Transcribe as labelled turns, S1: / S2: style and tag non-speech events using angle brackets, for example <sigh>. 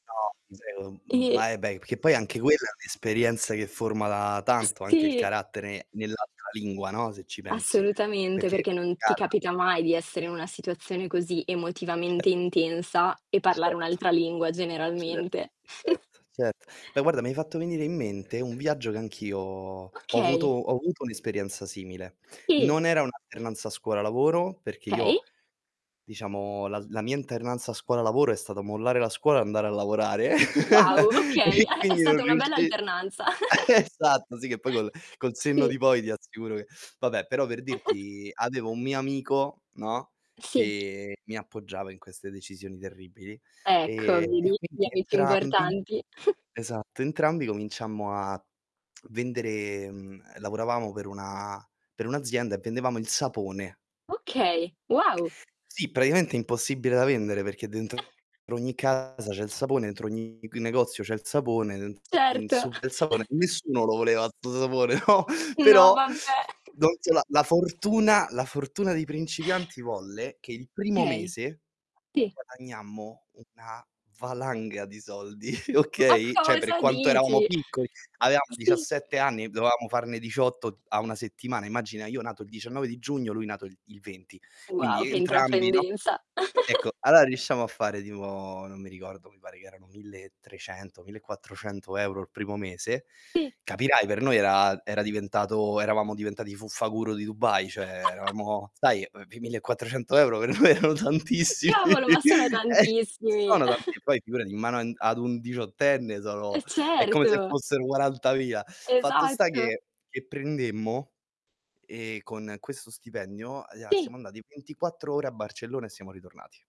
S1: No,
S2: Sì.
S1: <unintelligible>
S2: E
S1: ma eh, beh, i che poi anche quella è un'esperienza che forma tanto anche il
S2: Sì!
S1: carattere nell'altra lingua, no, se ci pensi,
S2: Assolutamente,
S1: perché
S2: perché non ti
S1: <unintelligible>
S2: capita mai di essere in una situazione così emotivamente
S1: Certo,
S2: intensa, e parlare
S1: certo,
S2: un'altra lingua
S1: certo,
S2: generalmente. <chuckles>
S1: certo, certo. Beh, guarda, mi hai fatto venire i mente un viaggio che anch'io ho avuto
S2: Okay.
S1: ho avuto un'esperienza simile.
S2: Sì.
S1: Non era un' alternanza scuola-lavoro, perché
S2: Okay.
S1: io diciamo, la z la mia alternanza scuola-lavoro è stata mollare la scuola e andare a lavorare,
S2: Wow,
S1: <laughs> e
S2: okay, a è
S1: quindi non
S2: stata una bella
S1: riusci
S2: alternanza. <chuckles>
S1: esatto, sì, che poi col col senno
S2: Sì.
S1: di poi ti assicuro che vabbè, però per
S2: <chuckles>
S1: dirti avevo un mio amico, no,
S2: Sì.
S1: che mi appoggiava in queste decisioni terribili,
S2: Ecco,
S1: e e
S2: vedi, gli
S1: quindi
S2: amici
S1: entrambi
S2: importanti. <chuckles>
S1: esatto, entrambi cominciammo a vendere mhmm, ehm, lavoravamo per una per un'azienda e vendevamo il sapone.
S2: Okay, wow!
S1: Sì, praticamente impossibile da vendere, perché dentro ogni casa c'è il sapone, entro ogni c negozio c'è il sapone, den in
S2: Certo.
S1: su <unintelligible> sapone,
S2: <chuckles>
S1: nessuno lo voleva 'sto sapone, no,
S2: No,
S1: però
S2: vabbè!
S1: non so,
S2: <chuckles>
S1: la la fortuna la fortuna dei principianti volle che il primo
S2: Okay.
S1: mese,
S2: Sì.
S1: guadagnammo una valanga di soldi, <chuckles>
S2: Ma
S1: okay, cioè per
S2: cosa
S1: quanto eravamo
S2: dici?
S1: piccoli: avevamo
S2: Sì.
S1: 17 anni, dovevamo farne 18 a 1 settimana, immagina, io nato il 19 di giugno, lui nato il il 20.
S2: Wow,
S1: Quindi
S2: che
S1: entrambi, no
S2: intraprendenza!
S1: ecco,
S2: <chuckles>
S1: allora riusciamo a fare tipo, non mi ricordo, mi pare che erano 1.300, 1.400 € il primo mese.
S2: Ti
S1: Capirai, per noi era era diventato eravamo diventati i Fuffa-guru di Dubai, cioè
S2: <chuckles>
S1: eravamo sai, uhm, vi 1.400 € per me erano
S2: Che
S1: tantissimi!
S2: cavolo! Ma sono
S1: E
S2: tantissimi!
S1: sono tanti
S2: <chuckles>
S1: poi figurati, in mano an ad un diciottenne
S2: Eh,
S1: sono è come se
S2: certo!
S1: fossero quarantavia. Fatto sta
S2: Esatto.
S1: che che prendemmo e con questo stipendio aia
S2: Ti
S1: siamo andati 24 ore a Barcellona e siamo ritornati.